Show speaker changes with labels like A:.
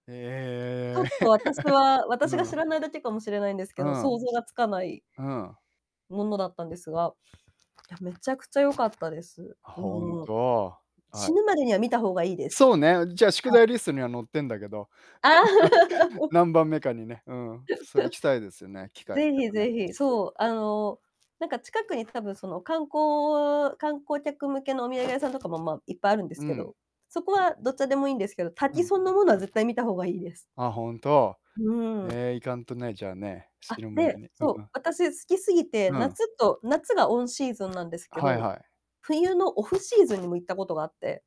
A: ち
B: え
A: ょ
B: え。
A: っと私 は私が
B: う
A: 知
B: ん。
A: らないだけかもしれないんです
B: う
A: けど、
B: ん。
A: 想像がつかない
B: うん。
A: ものだったんですが、いや、めちゃくちゃよかったです。
B: 本
A: うん。
B: 当、はい。
A: 死ぬまでには見た方がいいです。
B: そうね、じゃあ宿
A: はい。
B: 題リストには載ってんだけど、何番目かにね、うん、そう、行きたいですよね、機会
A: ぜ
B: でも
A: ひ
B: ね。
A: ぜひ、
B: そう。
A: そう、あの、なんか近くに多分その観光観光客向けのお土産屋さんとかも、ま、いっぱいあるんです
B: う
A: け
B: ん。
A: ど、そこはどっちでもいいんですけど、
B: う
A: 滝
B: ん。
A: そんなものは絶対見た方がいいです。
B: あ、本当。
A: うん。
B: え、行かんとね、じゃあね。死
A: あ、
B: ぬ前
A: で、
B: に、う
A: そう、
B: ん。
A: 私好きすぎて、
B: うん。
A: 夏と夏がオンシーズンなんですけ
B: はい
A: ど、
B: はい。
A: 冬のオフシーズンにも行ったことがあって